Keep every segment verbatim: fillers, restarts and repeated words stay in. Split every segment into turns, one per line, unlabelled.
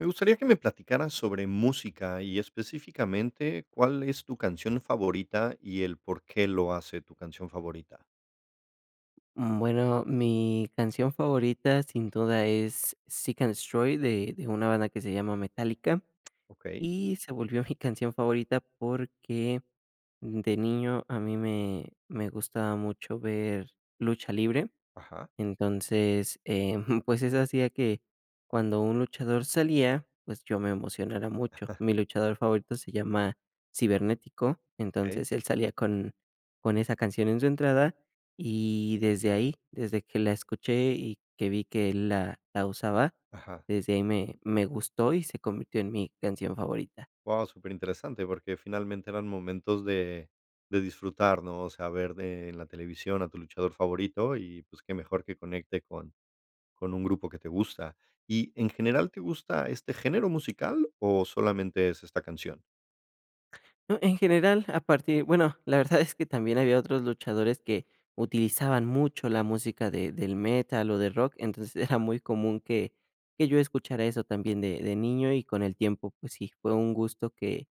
Me gustaría que me platicaras sobre música, y específicamente, ¿cuál es tu canción favorita, y el por qué lo hace tu canción favorita?
Bueno, mi canción favorita sin duda es Seek and destroy, de de una banda que se llama Metallica.
Okey.
Y se volvió mi canción favorita porque de niño a mí me me gustaba mucho ver lucha libre,
Ajá.
entonces, eh, pues, eso hacía que cuando un luchador salía, pues, yo me emocionara mucho. Mi luchador favorito se llama Cibernético,
Okey.
entonces él salía con con esa canción en su entrada, y desde ahí, desde que la escuché, y que vi que él la la usaba,
Ajá.
desde ahí me me gustó y se convirtió en mi canción favorita.
Guau, superinteresante, porque finalmente eran momentos de de disfrutar, ¿no? O sea, ver de en la televisión a tu luchador favorito y, pues, qué mejor que conecte con con un grupo que te gusta. Y en general, ¿te gusta este género musical, o, solamente es esta canción?
En general, a partir bueno la verdad es que también había otros luchadores que utilizaban mucho la música de del metal o de rock, entonces era muy común que que yo escuchara eso también de de niño, y con el tiempo, pues sí, fue un gusto que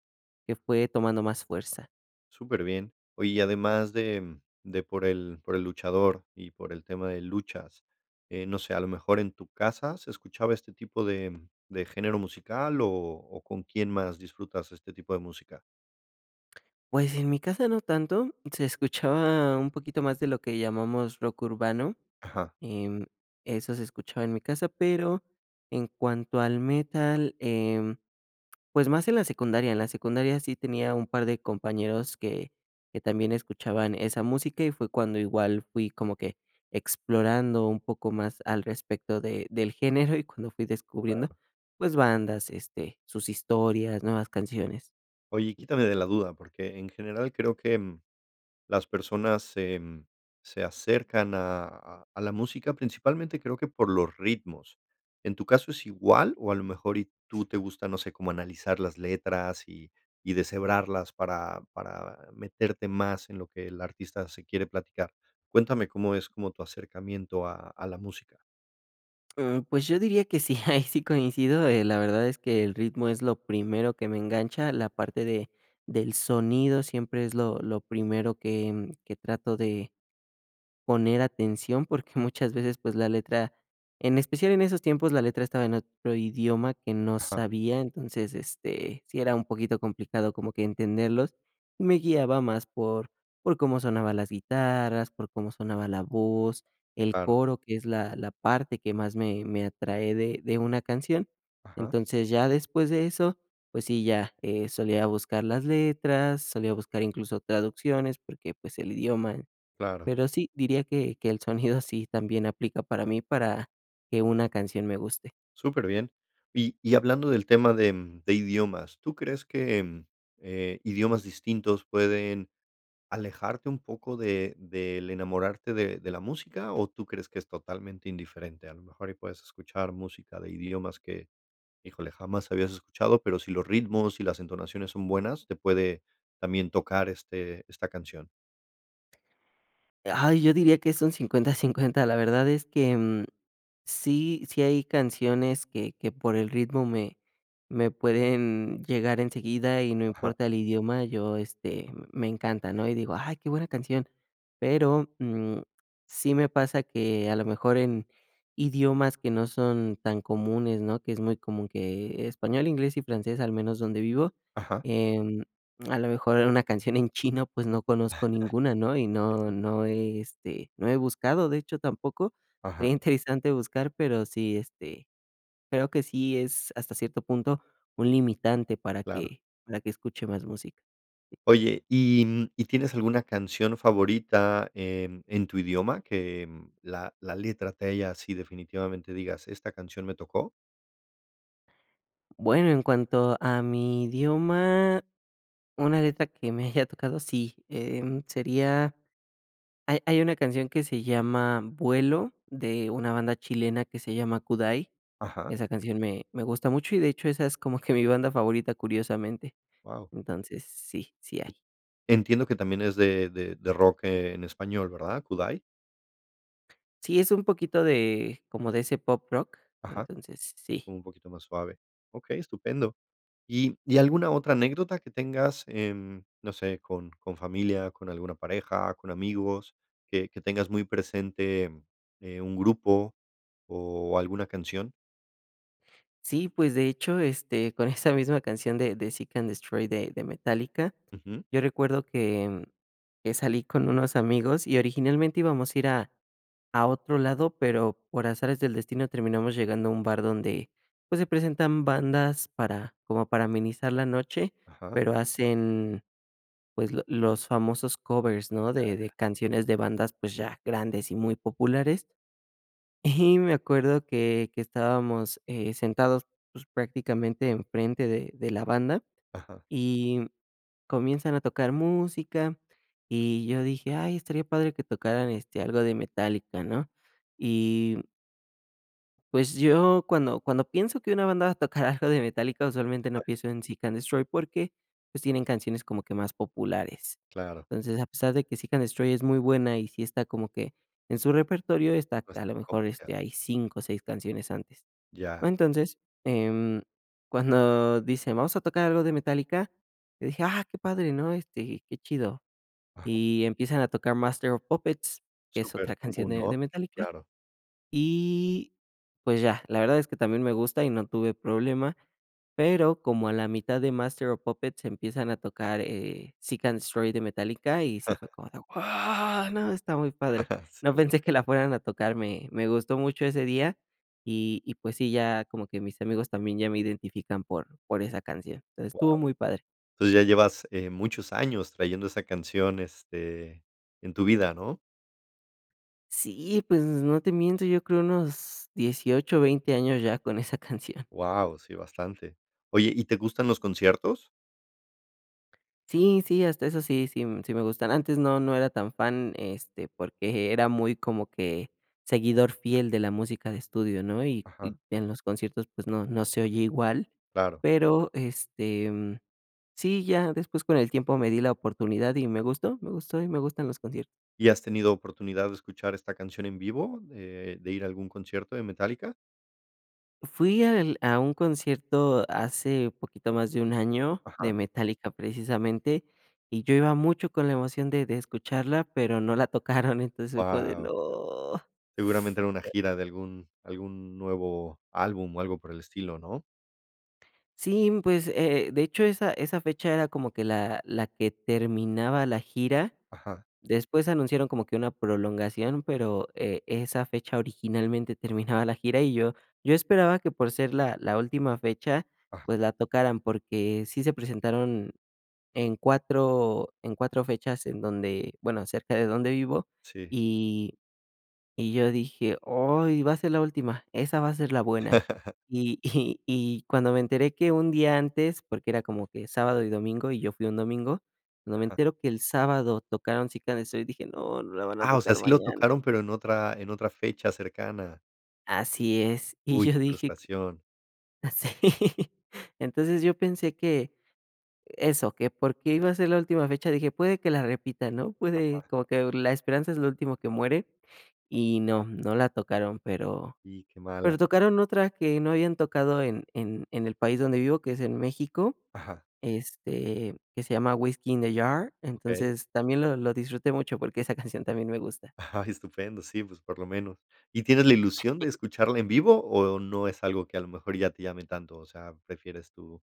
que fue tomando más fuerza.
Superbién. Oye, y además de de por el por el luchador, y por el tema de luchas, eh, no sé, a lo mejor, ¿en tu casa se escuchaba este tipo de de género musical, o-o con quién más disfrutas este tipo de música?
Pues, en mi casa no tanto, se escuchaba un poquito más de lo que llamamos rock urbano,
Ajá.
em, eso se escuchaba en mi casa, pero en cuanto al metal, em, pues, más en la secundaria. En la secundaria sí tenía un par de compañeros que que también escuchaban esa música, y fue cuando igual fui como que explorando un poco más al respecto de del género, y cuando fui descubriendo,
Claro.
pues, bandas, este, sus historias, nuevas canciones.
Oye, quítame de la duda, porque en general creo, mm, que las personas se, mm, se acercan a a la música, principalmente creo que por los ritmos, ¿en tu caso es igual? O, a lo mejor, y tú te gusta, no sé, cómo analizar las letras, y y deshebrarlas para para meterte más en lo que el artista se quiere platicar. Cuéntame, ¿cómo es como tu acercamiento a a la música?
Mm, pues, yo diría que sí, ahí sí coincido, eh, la verdad es que el ritmo es lo primero que me engancha, la parte de del sonido siempre es lo lo primero que que trato de poner atención, porque, muchas veces, pues, la letra, en especial en esos tiempos, la letra estaba en otro idioma que no
Ajá.
sabía, entonces, este, sí era un poquito complicado como que entenderlos, y me guiaba más por por cómo sonaban las guitarras, por cómo sonaba la voz, el
Claro.
coro, que es la la parte que más me me atrae de de una canción.
Ajá.
Entonces, ya después de eso, pues, sí, ya, eh, solía buscar las letras, solía buscar, incluso, traducciones, porque, pues, el idioma.
Claro.
Pero sí, diría que que el sonido sí también aplica para mí, para que una canción me guste.
Superbien. Y y hablando del tema de de idiomas, ¿tú crees que, eh, idiomas distintos pueden alejarte un poco de del enamorarte de de la música, o, tú crees que es totalmente indiferente? A lo mejor y puedes escuchar música de idiomas que, híjole, jamás habías escuchado, pero, si los ritmos y las entonaciones son buenas, te puede también tocar, este, esta canción.
Ay, yo diría que es un cincuenta, cincuenta. La verdad es que, mm, sí sí hay canciones que que por el ritmo me me pueden llegar enseguida, y no
Ajá.
importa el idioma, yo, este, me encanta, ¿no? Y digo: "Ay, qué buena canción". Pero, mm, sí me pasa que, a lo mejor, en idiomas que no son tan comunes, ¿no?, que es muy común que español, inglés y francés, al menos donde vivo,
Ajá.
em, a lo mejor, en una canción en chino, pues, no conozco ninguna, ¿no? Y no no he, este, no he buscado, de hecho, tampoco.
Ajá.
Sería interesante buscar, pero sí, este, creo que sí es, hasta cierto punto, un limitante para
Claro.
que para que escuche más música.
Oye, ¿y y tienes alguna canción favorita en en tu idioma? Que, mm, que la la letra te haya sí, definitivamente, digas, esta canción me tocó.
Bueno, en cuanto a mi idioma, una letra que me haya tocado sí, em, sería hay hay una canción que se llama "Vuelo", de una banda chilena que se llama Kudai.
Ajá.
Esa canción me me gusta mucho y de hecho, esa es como que mi banda favorita, curiosamente.
Guau.
Entonces, sí. Sí hay.
Entiendo que también es de de de rock en español, ¿verdad? ¿Kudai?
Sí, es un poquito de, como de ese pop rock,
Ajá.
entonces sí.
Un poquito más suave. Okey, estupendo. Y y, ¿alguna otra anécdota que tengas en, no sé, con con familia, con alguna pareja, con amigos, que que tengas muy presente, eh, un grupo o alguna canción?
Sí, pues, de hecho, este, con esa misma canción de de Seek& Destroy de de Metallica.
Ujú.
Yo recuerdo que que salí con unos amigos y originalmente íbamos a ir a a otro lado, pero por azares del destino, terminamos llegando a un bar donde, pues, se presentan bandas para, como para amenizar la noche.
Ajá.
Pero hacen, pues, lo los famosos covers, ¿no?
Ya,
De de
ya.
canciones de bandas, pues, ya grandes y muy populares y me acuerdo que que estábamos, eh, sentados, pues, prácticamente en frente de de la banda,
Ajá.
y comienzan a tocar música, y yo dije: "Ay, estaría padre que tocaran, este, algo de Metallica", ¿no? Y, pues, yo cuando cuando pienso que una banda va a tocar algo de Metallica, usualmente no pienso en Seek& Destroy porque, pues, tienen canciones como que más populares.
Claro.
Entonces, a pesar de que Seek& Destroy es muy buena y sí está como que en su repertorio, está
No es
a
tan
lo mejor,
comercial.
este, hay cinco o seis canciones antes.
Ya.
Entonces, em, cuando dicen: "Vamos a tocar algo de Metallica", yo dije: "Ah, qué padre, ¿no?, este, qué chido".
Ajá.
Y empiezan a tocar Master of Puppets, que es otra
Súper
canción
común,
de de
¿no?
Metallica,
Claro.
y pues ya. La verdad es que también me gusta y no tuve problema, pero como a la mitad de Master of Puppets empiezan a tocar, eh, Seek& Destroy de Metallica, y sí fue como de: "¡Wao! ¿No? Está muy padre".
Sí,
No pensé que la
obviamente.
fueran a tocar, me me gustó mucho ese día y y pues sí, ya como que mis amigos también ya me identifican por por esa canción. Entonces, estuvo
Guau.
muy padre.
Entonces ya llevas, eh, muchos años trayendo esa canción, este, en tu vida, ¿no?
Sí, pues no te miento, yo creo unos dieciocho o veinte años ya con esa canción.
Guau. Sí, bastante. Oye, ¿y te gustan los conciertos?
Sí, sí. Hasta eso sí sí sí me gustan. Antes no no era tan fan, este, porque era muy como que seguidor fiel de la música de estudio, ¿no? Y
Ajá.
y en los conciertos, pues, no no se oye igual.
Claro.
Pero, este, sí, ya después con el tiempo me di la oportunidad y me gustó, me gustó, y me gustan los conciertos.
¿Y has tenido oportunidad de escuchar esta canción en vivo, eh, de ir a algún concierto de Metallica?
Fui al a un concierto hace poquito más de un año, de
Ajá.
Metallica, precisamente, y yo iba mucho con la emoción de de escucharla, pero no la tocaron, entonces [unintelligible]
Guau.
no
Seguramente era una gira de algún algún nuevo álbum, o, algo por el estilo, ¿no?
Sí, pues, eh eh, de hecho, esa esa fecha era como que la la la que terminaba la gira.
Ajá.
Después anunciaron como que una prolongación, pero, eh, esa fecha originalmente terminaba la gira. Y yo yo esperaba que por ser la la última fecha,
Ajá.
pues, la tocaran, porque sí se presentaron en cuatro, en cuatro fechas en donde, bueno, cerca de donde vivo,
Sí.
y y yo dije: "Ay, va a ser la última, esa va a ser la buena". Y y y cuando me enteré que un día antes, porque era como que sábado y domingo, y yo fui un domingo, cuando me
Ajá.
entero que el sábado tocaron: "Cita de Sol", dije: "No, no la van a
Ah, o sea,
tocar
sí lo
mañana".
tocaron, pero en otra, en otra fecha cercana.
Así es, y
Uy,
yo
qué
dije
frustración.
Sí. Entonces, yo pensé que eso, que por qué iba a ser la última fecha, dije: "Puede que la repitan", ¿no?
Ajá.
Puede como que la esperanza es lo último que muere, y no, no la tocaron, pero
Y qué
pero
mala.
tocaron otra que no habían tocado en en en el país donde vivo, que es en México,
Ajá.
este, que se llama: "Whisky in the Jar",
Okey.
entonces también lo lo disfruté mucho porque esa canción también me gusta.
Ah, estupendo. Sí, pues, por lo menos, ¿y tienes la ilusión de escucharla en vivo, o, no es algo que a lo mejor ya te llame tanto? O sea, prefieres tú,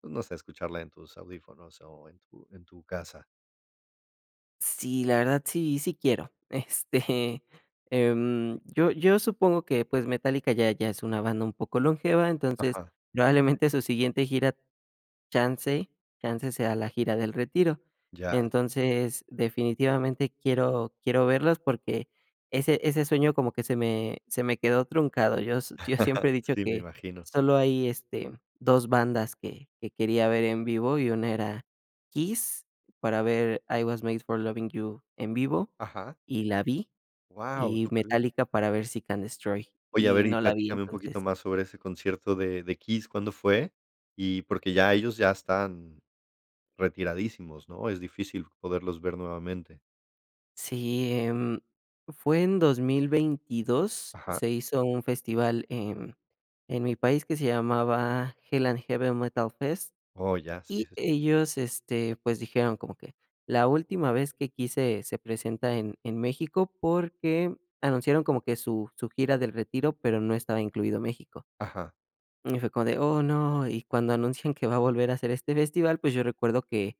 pues, no sé, escucharla en tus audífonos, o, en tu en tu casa.
Sí, la verdad sí, sí quiero. Este, em, yo yo supongo que, pues Metallica ya ya es una banda un poco longeva. Entonces
Ajá.
probablemente su siguiente gira, chance chance sea la gira del retiro.
Ya.
Entonces, definitivamente quiero quiero verlos porque ese ese sueño como que se me se me quedó truncado. Yo yo siempre he dicho
Sí, me
que
imagino.
solo hay, este, dos bandas que que quería ver en vivo, y una era Kiss, para ver: "I Was Made for Lovin' You" en vivo,
Ajá.
y la vi,
¡Guau!
y
Súper bien.
Metallica para ver: "Seek and Destroy",
Oye, a
y
ver, y
no la vi.
platícame un poquito
Entonces
más sobre ese concierto de de Kiss, ¿cuándo fue? Y porque ya ellos ya están retiradísimos, ¿no? Es difícil poderlos ver nuevamente.
Sí, em, fue en dos mil veintidos,
Ajá.
se hizo un festival en en mi país que se llamaba Hell and Heaven Metal Fest.
Oh, ya, sí
Y
es así.
ellos, este, pues, dijeron como que la última vez que Kiss se presenta en en México porque anunciaron como que su su gira del retiro, pero no estaba incluido México.
Ajá.
Y fue como de: "Oh no", y cuando anuncian que va a volver a hacer este festival, pues, yo recuerdo que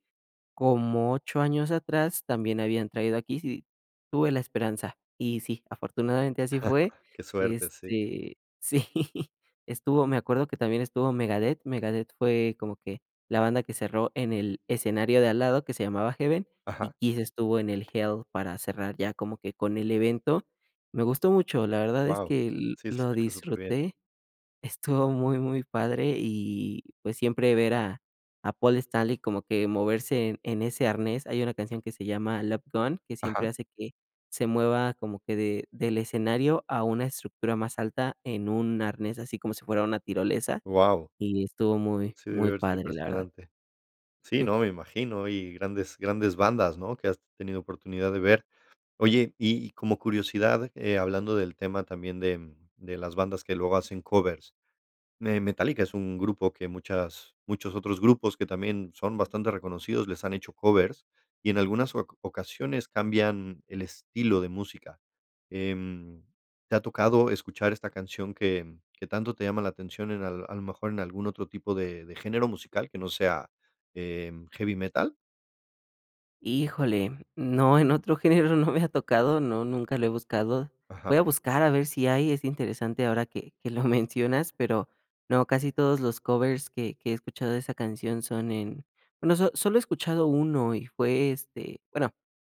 como ocho años atrás también habían traído a Kiss, y tuve la esperanza. Y sí, afortunadamente así fue,
Qué suerte, sí.
este, sí, estuvo, me acuerdo que también estuvo Megadeth. Megadeth fue como que la banda que cerró en el escenario de al lado, que se llamaba Heaven, y
Ajá.
Kiss estuvo en el Hell para cerrar ya como que con el evento. Me gustó mucho, la verdad es
Guau.
que
Sí, se
lo
escucha superbien.
disfruté. Estuvo muy muy padre, y pues, siempre ver a a Paul Stanley como que moverse en en ese arnés. Hay una canción que se llama: "Love Gun", que siempre
Ajá.
hace que se mueva como que de del escenario a una estructura más alta en un arnés así como si fuera una tirolesa.
¡Guau!
Y estuvo muy
Sí
muy
debió haber sido
padre, la verdad.
impresionante. Sí, no, me imagino, y grandes grandes bandas, ¿no? Que has tenido oportunidad de ver. Oye, y y como curiosidad, eh, hablando del tema también de de las bandas que luego hacen covers, eh, Metallica es un grupo que muchas muchos otros grupos que también son bastante reconocidos, les han hecho covers, y en algunas oca ocasiones cambian el estilo de música. Em, ¿te ha tocado escuchar esta canción que que tanto te llama la atención en al a lo mejor en algún otro tipo de de género musical que no sea, em, heavy metal?
Híjole, no, en otro género no me ha tocado, no, nunca lo he buscado.
Ajá.
Voy a buscar a ver si hay, es interesante ahora que que lo mencionas, pero no, casi todos los covers que que he escuchado de esa canción son en, bueno, so solo he escuchado uno y fue, este bueno,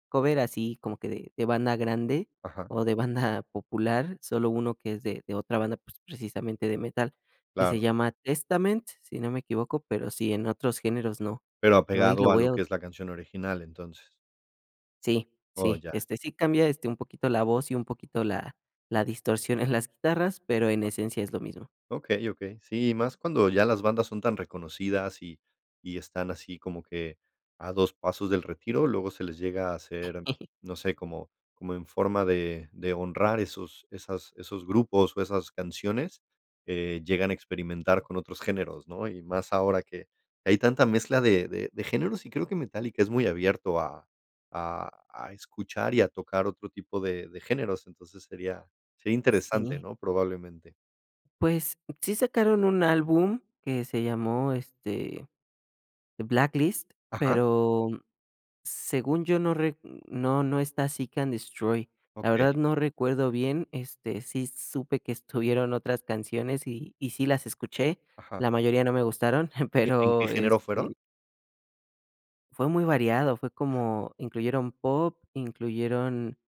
cover así como que de de banda grande,
Ajá.
o de banda popular, solo uno que es de de otra banda, pues, precisamente de metal, que se
Claro.
llama Testament, si no me equivoco, pero sí, en otros géneros, no.
Pero
No, y lo
apegado a
voy
lo
a
que es
[unintelligible]
la canción original, entonces.
Sí,
Oh,
sí,
ya.
este, sí cambia, este, un poquito la voz y un poquito la la distorsión en las guitarras, pero en
[unintelligible]
esencia es lo mismo.
Okey, okey. Sí, y más cuando ya las bandas son tan reconocidas y y están así como que a dos pasos del retiro, luego se les llega a hacer, no sé, como como en forma de de honrar esos esas esos grupos o esas canciones, eh, llegan a experimentar con otros géneros, ¿no?, y más ahora que hay tanta mezcla de de de géneros y creo que Metallica es muy abierto a a a escuchar y a tocar otro tipo de de géneros. Entonces sería sería interesante,
Sí.
¿no?, probablemente.
Pues, sí sacaron un álbum que se llamó, este, Blacklist,
Ajá.
pero según yo no rec no no está Seek& Destroy. La verdad
Okey.
no recuerdo bien, este, sí supe que estuvieron otras canciones, y y sí las escuché.
Ajá.
La mayoría no me gustaron,
Eh, ¿en qué
pero
género fueron?
este Fue muy variado, fue
Ya.
como incluyeron pop, incluyeron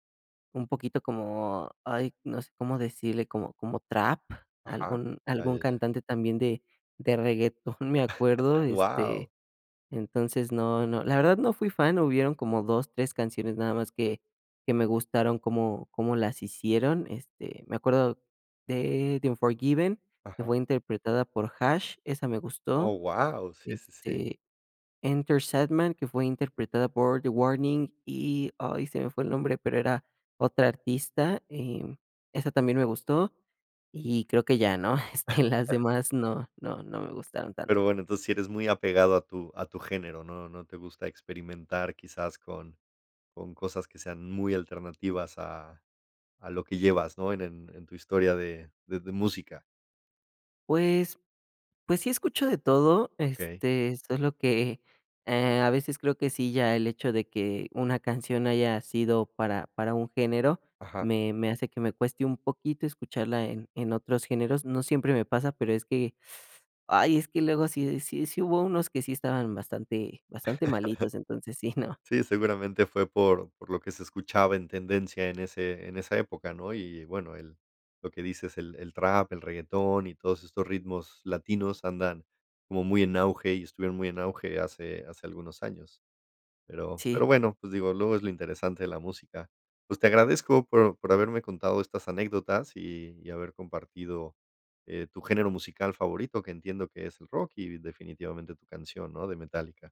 un poquito como, ay, no sé cómo decirle, como como trap,
Ajá.
algún
Ya,
algún
ya, ya.
cantante también de de reguetón, me acuerdo, este,
Guau.
entonces no no. La verdad, no fui fan, hubieron como dos, tres canciones nada más que que me gustaron cómo cómo las hicieron, este, me acuerdo de The Unforgiven, que
Ajá.
fue interpretada por HaAsh, esa me gustó,
¡Oh, guau! Sí, sí, sí.
este, Enter Sandman, que fue interpretada por The Warning. Y ay, se me fue el nombre, pero era otra artista, em, esa también me gustó, y creo que ya, ¿no? Este, las demás no no no me gustaron tanto.
Pero bueno, entonces sí eres muy apegado a tu a tu género, no no te gusta experimentar quizás con con cosas que sean muy alternativas a a lo que llevas, ¿no?, en en en tu historia de de de música.
Pues, pues sí escucho de todo,
Okey.
este, solo que, eh, a veces creo que sí ya el hecho de que una canción haya sido para para un género,
Ajá.
me me hace que me cueste un poquito escucharla en en otros géneros. No siempre me pasa, pero es que, ay, es que luego sí sí sí hubo unos que sí estaban bastante bastante malitos, entonces sí, ¿no?
Sí, seguramente fue por por lo que se escuchaba en tendencia en ese en esa época, ¿no? Y bueno, el lo que dices el el trap, el reguetón y todos estos ritmos latinos andan como muy en auge, y estuvieron muy en auge hace hace algunos años. Pero
Sí.
pero bueno, pues digo, luego es lo interesante de la música. Pues, te agradezco por por haberme contado estas anécdotas, y y haber compartido, eh, tu género musical favorito, que entiendo que es el rock y definitivamente tu canción, ¿no?, de Metallica.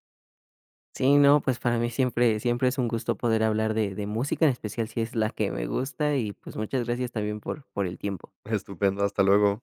Sí, no, pues, para mí siempre siempre es un gusto poder hablar de de música, en especial si es la que me gusta, y pues, muchas gracias también por por el tiempo.
Estupendo, hasta luego.